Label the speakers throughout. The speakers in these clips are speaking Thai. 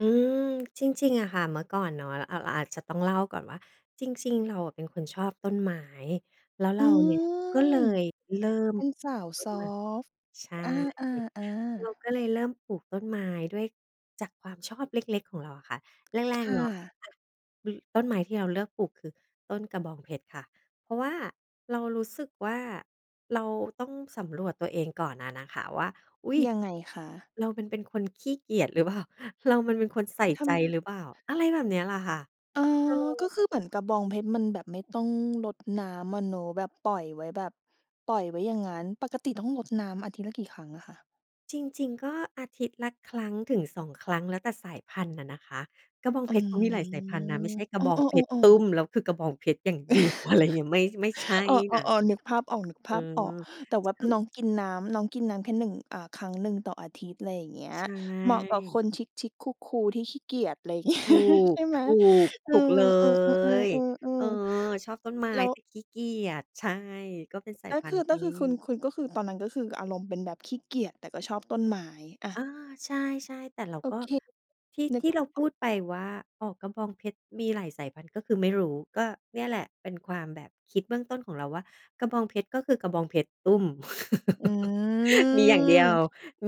Speaker 1: อืม จริง ๆ อะค่ะ เมื่อก่อนเนาะเราอาจจะต้องเล่าก่อนว่า จริง ๆ เราอะเป็นคนชอบต้นไม้ แล้วเ
Speaker 2: อ
Speaker 1: ร
Speaker 2: ื
Speaker 1: าเนี่ยก็เล
Speaker 2: ม
Speaker 1: ยเริ่ม
Speaker 2: เป็นสาว
Speaker 1: ต้
Speaker 2: ซ
Speaker 1: น
Speaker 2: อ
Speaker 1: ไม้
Speaker 2: ฟต์
Speaker 1: ใช่
Speaker 2: อา
Speaker 1: เรา
Speaker 2: ๆ ๆ
Speaker 1: ก็เลยเริ่มปลูกต้นไม้ด้วยจากความชอบเล็ก ๆ ของเราอะค่ะ แร
Speaker 2: ค
Speaker 1: ก ๆ
Speaker 2: ่
Speaker 1: เนาะ
Speaker 2: ะ
Speaker 1: อ ต้นไม้ที่เราเลือกปลูกคือต้นกระบองเพชรค่ะ เพราะว่าเรารู้สึกว่า เราต้องสำรวจตัวเองก่อนน่ะนะคะว่า อุ๊ย
Speaker 2: ยังไงคะ?
Speaker 1: เรามันเป็นคนขี้เกียจหรือเปล่า? เรามันเป็นคนใส่
Speaker 2: ท
Speaker 1: ใจ
Speaker 2: ำ
Speaker 1: หรือเปล่า? อะไรแบบเนี้ยแหละค่ะ
Speaker 2: อ๋อ
Speaker 1: เออ
Speaker 2: ก็คือเหมือนกระบองเพชรมันแบบไม่ต้อง รดน้ำอะเนาะแบบปล่อยไว้ แบบปล่อยไว้อย่างงั้น ปกติต้องรดน้ำอาทิตย์ละกี่ครั้งอะคะ?
Speaker 1: จริง ๆ ก็ อาทิตย์ละครั้งถึง 2 ครั้ง แล้วแต่สายพันธุ์น่ะนะคะ กระบอง
Speaker 2: อ
Speaker 1: เ
Speaker 2: ื
Speaker 1: พชรเขามีหลายสายพ
Speaker 2: ม
Speaker 1: ันธุ์นะ ไม่ใช่กร
Speaker 2: เอ
Speaker 1: ะบองเพชร
Speaker 2: อ
Speaker 1: ต
Speaker 2: ๆ ๆ
Speaker 1: ุ
Speaker 2: ๆ
Speaker 1: ้ม แล้วคือกระบองเพชรอย่าง เดียว อะไรอย่างเงี้ย ไม่ ไม่ใช่
Speaker 2: อ๋
Speaker 1: นะ
Speaker 2: อ ๆ ๆ นึกภาพออก นึก
Speaker 1: เ
Speaker 2: ภ
Speaker 1: ออ
Speaker 2: าพออก
Speaker 1: จ
Speaker 2: แต่ว่า
Speaker 1: คือ
Speaker 2: น้องกินน้ำ น้องกินน้ำแค่ 1 อ่า ครั้งหนึ่งต่ออาทิตย์ อะไรอย่างเงี้ย
Speaker 1: ใช
Speaker 2: เหมาะกับค
Speaker 1: ่
Speaker 2: นชิก ๆ คูล ๆ ที่ขี้เกียจ อะไร อย่างเงี้ย
Speaker 1: ถู
Speaker 2: ใ
Speaker 1: ก
Speaker 2: ช่ไห
Speaker 1: ถ
Speaker 2: ม
Speaker 1: ูก
Speaker 2: เอ
Speaker 1: ถ
Speaker 2: อ
Speaker 1: ูกเล
Speaker 2: ๆ
Speaker 1: ย
Speaker 2: ๆ
Speaker 1: เออ
Speaker 2: ๆ ๆ
Speaker 1: ชอบต้นไม้
Speaker 2: ๆ แล้ว
Speaker 1: แต่ขี้เกียจ ใช่ ก็เป็นสาย
Speaker 2: ก็
Speaker 1: พั
Speaker 2: ค
Speaker 1: นธ
Speaker 2: ื
Speaker 1: ุ
Speaker 2: อ
Speaker 1: ์ท
Speaker 2: ก็
Speaker 1: ี
Speaker 2: คือคุณ
Speaker 1: ่
Speaker 2: คุณก็คือตอนนั้นก็คืออารมณ์เป็นแบบขี้เกียจ แต่ก็ชอบต้นไม้ อ
Speaker 1: อ
Speaker 2: ะ
Speaker 1: า ใช่ ๆ แต่เรา
Speaker 2: โอ
Speaker 1: ก็
Speaker 2: เค
Speaker 1: ที่
Speaker 2: นึ
Speaker 1: ท
Speaker 2: ก
Speaker 1: ี่
Speaker 2: ภ
Speaker 1: เร
Speaker 2: า
Speaker 1: า
Speaker 2: พ
Speaker 1: พ
Speaker 2: ออก
Speaker 1: ูดไปว่า อ๋อ กระบองเพชรมีหลายสายพันธุ์ก็คือไม่รู้ ก็เนี่ยแหละเป็นความแบบคิดเบื้องต้นของเราว่า กระบองเพชรก็คือกระบองเพชรตุ้ม
Speaker 2: อื
Speaker 1: มีอย่างเด
Speaker 2: ม
Speaker 1: ียว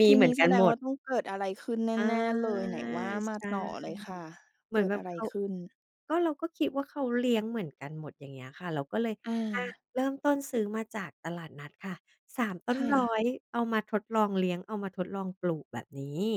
Speaker 1: มี
Speaker 2: ที
Speaker 1: เหม
Speaker 2: น
Speaker 1: ื
Speaker 2: ี
Speaker 1: อ
Speaker 2: ้
Speaker 1: นก
Speaker 2: แ
Speaker 1: ั
Speaker 2: ส
Speaker 1: น
Speaker 2: ด
Speaker 1: ห
Speaker 2: ง
Speaker 1: ม
Speaker 2: ว
Speaker 1: ด
Speaker 2: ่าต้องเกิดอะไรขึ้นแ
Speaker 1: อา
Speaker 2: น่ ๆ เลย ไหนว่ามา
Speaker 1: ใช่
Speaker 2: ต่อเลยค่ะ
Speaker 1: เห
Speaker 2: เ
Speaker 1: ม
Speaker 2: ก
Speaker 1: ื
Speaker 2: ิ
Speaker 1: อน
Speaker 2: ด
Speaker 1: แบบ
Speaker 2: อะไร
Speaker 1: เขา
Speaker 2: ขึ้น?
Speaker 1: ก็เราก็คิดว่าเขาเลี้ยงเหมือนกันหมด อย่างเงี้ยค่ะ เราก็เลย อา
Speaker 2: อา
Speaker 1: เริ่มต้นซื้อมาจากตลาดนัดค่ะ 3 ต้
Speaker 2: ค
Speaker 1: น
Speaker 2: ่
Speaker 1: ร้อ
Speaker 2: ะ
Speaker 1: ย เอามาทดลองเลี้ยง เอามาทดลองปลูกแบบนี้